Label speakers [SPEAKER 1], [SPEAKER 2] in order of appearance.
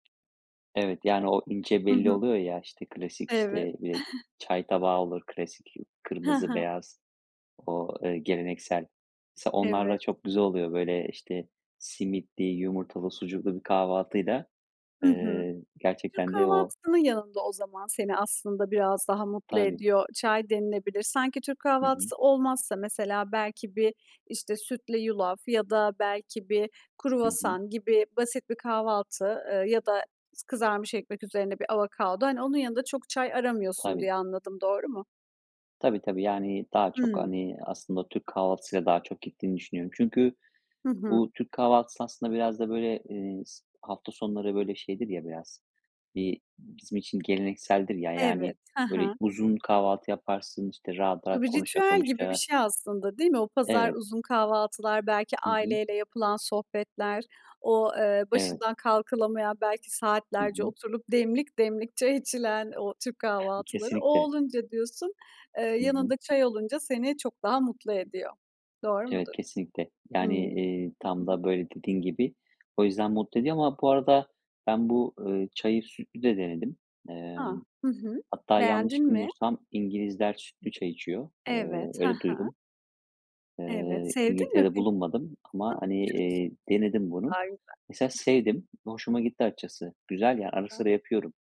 [SPEAKER 1] Evet, yani, o ince
[SPEAKER 2] Hı
[SPEAKER 1] belli
[SPEAKER 2] hı.
[SPEAKER 1] oluyor ya, işte klasik, işte,
[SPEAKER 2] Evet.
[SPEAKER 1] eee, çay tabağı olur klasik
[SPEAKER 2] He
[SPEAKER 1] kırmızı
[SPEAKER 2] he.
[SPEAKER 1] beyaz o, eee, geleneksel. S onlarla
[SPEAKER 2] Evet.
[SPEAKER 1] çok güzel oluyor, böyle, işte, simitli, yumurtalı, sucuklu bir kahvaltıyla,
[SPEAKER 2] Hı hı.
[SPEAKER 1] eee,
[SPEAKER 2] Türk
[SPEAKER 1] gerçekten de o
[SPEAKER 2] kahvaltısının yanında o zaman seni aslında biraz daha mutlu
[SPEAKER 1] Tabii.
[SPEAKER 2] ediyor çay denilebilir. Sanki Türk
[SPEAKER 1] Hı hı.
[SPEAKER 2] kahvaltısı olmazsa mesela belki bir, işte, sütle yulaf ya da belki bir
[SPEAKER 1] Hı hı.
[SPEAKER 2] kruvasan gibi basit bir kahvaltı, ııı, ya da s kızarmış ekmek üzerine bir avokado. Hani, onun yanında çok çay aramıyorsun
[SPEAKER 1] Tabii.
[SPEAKER 2] diye anladım, doğru mu?
[SPEAKER 1] Tabii tabii, yani, daha çok,
[SPEAKER 2] Hımm.
[SPEAKER 1] hani, aslında Türk kahvaltısıyla daha çok gittiğini düşünüyorum. Çünkü
[SPEAKER 2] Hı hı.
[SPEAKER 1] bu Türk kahvaltısı aslında biraz da, böyle, eee, s hafta sonları, böyle, şeydir ya biraz bir bizim için gelenekseldir ya, yani,
[SPEAKER 2] Evet. He
[SPEAKER 1] böyle,
[SPEAKER 2] he.
[SPEAKER 1] uzun kahvaltı yaparsın, işte, rahat
[SPEAKER 2] Bu
[SPEAKER 1] rahat
[SPEAKER 2] bir
[SPEAKER 1] konuşa
[SPEAKER 2] ritüel gibi bir
[SPEAKER 1] konuşa.
[SPEAKER 2] şey aslında, değil mi? O pazar,
[SPEAKER 1] Evet.
[SPEAKER 2] uzun kahvaltılar, belki
[SPEAKER 1] Hı hı.
[SPEAKER 2] aileyle yapılan sohbetler, o, eee,
[SPEAKER 1] Evet.
[SPEAKER 2] başından kalkılamayan, belki
[SPEAKER 1] Hı
[SPEAKER 2] saatlerce
[SPEAKER 1] hı.
[SPEAKER 2] oturulup demlik demlik çay içilen o Türk kahvaltıları. O
[SPEAKER 1] Kesinlikle.
[SPEAKER 2] olunca diyorsun, eee,
[SPEAKER 1] Hı hı.
[SPEAKER 2] yanında çay olunca seni çok daha mutlu ediyor. Doğru
[SPEAKER 1] Evet,
[SPEAKER 2] mudur?
[SPEAKER 1] kesinlikle. Yani,
[SPEAKER 2] Imm.
[SPEAKER 1] eee, tam da, böyle, dediğin gibi. O yüzden, mutlu ediyor ama bu arada bu, ııı, bu çayı sütlü de denedim.
[SPEAKER 2] A!
[SPEAKER 1] Emm,
[SPEAKER 2] Hı hı.
[SPEAKER 1] hatta
[SPEAKER 2] Beğendin
[SPEAKER 1] yanlış
[SPEAKER 2] mi?
[SPEAKER 1] bilmiyorsam İngilizler sütlü çay içiyor. Eee,
[SPEAKER 2] Evet, ha
[SPEAKER 1] öyle
[SPEAKER 2] ha.
[SPEAKER 1] duydum.
[SPEAKER 2] Evet.
[SPEAKER 1] Eee,
[SPEAKER 2] Sevdin mi
[SPEAKER 1] İngiltere'de
[SPEAKER 2] pek
[SPEAKER 1] bulunmadım ama, hani, eee, denedim bunu. Mesela
[SPEAKER 2] [unintelligible]
[SPEAKER 1] sevdim. Hoşuma gitti açıkçası. Güzel, ya, ara sıra
[SPEAKER 2] [unintelligible]
[SPEAKER 1] yapıyorum.